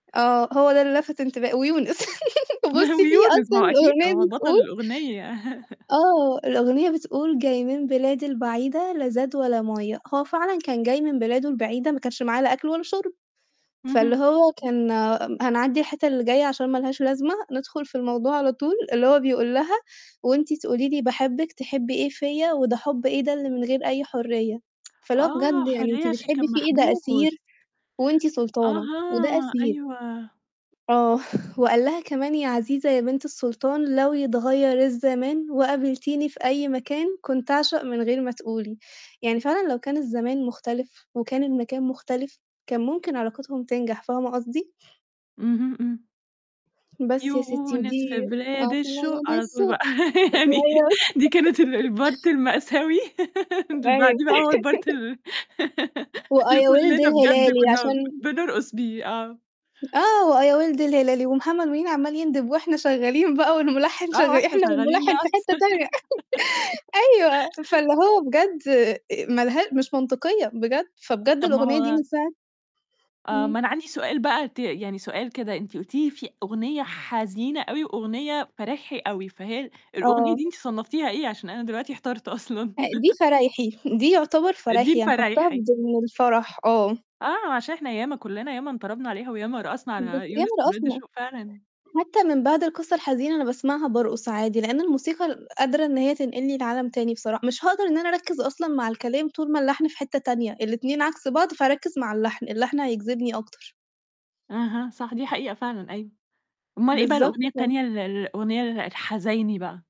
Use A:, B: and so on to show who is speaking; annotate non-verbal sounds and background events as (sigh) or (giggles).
A: آه، هو ده اللي لفت انتب ويونس (laughs)
B: نه
A: بُصّي في
B: ويونس
A: أصلًا
B: ما هو أكيد ما
A: الأغنية
B: هو بطّل
A: بتقول
B: الأغنية. (chuckles)
A: آه، الأغنية بتقول "جاي من بلاد البعيدة لا زاد ولا مَيّة" هو فعلًا كان جاي من بلاده البعيدة ما كانش معاه لا أكل ولا شرب،
B: اهم.
A: فاللي هو كان هنعدّي الحتّة اللي جاية عشان ما لهاش لازمة ندخُل في الموضوع على طول اللي هو بيقول لها "وأنتِ تقولي لي باحبِّك تحبّي إيه فيّا وده حُب إيه ده اللي من غير أي حرية" (tsk) فاللي هو
B: آه،
A: بجد يعني أنتِ
B: حرية عشان
A: بتحبِّي
B: كان
A: فيه إيه ده أسير
B: محبوس.
A: وأنتِ سُلطانة وده
B: أها،
A: أسير.
B: أيوه.
A: آه، وقال لها كمان "يا عزيزة يا بنت السُلطان لو يتغيّر الزمان وقابلتيني في أي مكان، كنت أعشق من غير ما تقولي" يعني فعلًا لو كان الزمان مختلف، وكان المكان مختلف كان ممكن علاقتهم تنجح، فاهمة قصدي؟
B: اهم، إمم.
A: بس يا ستّي
B: يونس
A: ودي
B: في بلاد الشوق على طول بقى
A: (unintelligible)
B: (laughs) يعني دي كانت ال
A: (laughs)
B: البارت المأساوي اللي بعديه
A: (unintelligible)
B: بقى هو البارت
A: (laughs)
B: ال (laughs)
A: وآه،
B: اللي
A: يا وِلد
B: كلّنا بجد
A: الهلالي عشان
B: كنا بنرقص بيه. آه.
A: آه وآه، يا وِلد الهلالي، ومحمد منير عمّال يندب وإحنا شغالين بقى والمُلحِّن
B: آه، آه،
A: شغّال
B: إحنا
A: إحنا
B: شغّالين
A: والمُلحِّن في
B: رَقْص.
A: حتّة تانية
B: (giggles)
A: (laughs) أيوه فاللي هو بجد آآ ما لها مش منطقية بجد، فبجد
B: طَب ما
A: الأغنية دي
B: هو
A: من ساعة
B: آه، ما
A: إمم.
B: أنا عندي سؤال بقى ت يعني سؤال كدا أنتِ قُلتِ لي في أغنية حزينة أوي وأغنية فرايحي أوي، فهل الأغنية
A: آه.
B: دي أنتِ صنّفتيها إيه عشان أنا دلوقتي احترت أصلًا؟
A: آآ دي
B: (laughs)
A: فرايحي دي يُعتبر
B: دي
A: فرايحي، هنحطّها في
B: الفرايحي.
A: ضِمن الفرح، آه.
B: آه، عشان إحنا ياما كلّنا ياما انطربنا عليها، وياما رقصنا
A: بس
B: على يونس
A: ياما
B: في بلاد
A: رقصنا.
B: الشوق فعلًا.
A: حتى من بعد القصة الحزينة اللي باسمعها بارقص عادي، لإن الموسيقى ال قادرة إن هي تنقلني لعالم تاني بصرا مش هاقدر إن أنا أركّز أصلًا مع الكلام طول ما اللحن في حتّة تانية، الاتنين عكس بعض فهاركّز مع اللحن، اللحن هيجذبني أكتر.
B: أها، صح دي حقيقة فعلًا أيوه. أومال إيه بقى
A: بالضبط
B: الأغنية
A: ك
B: التانية ال ال الأغنية ال الحزايني بقى؟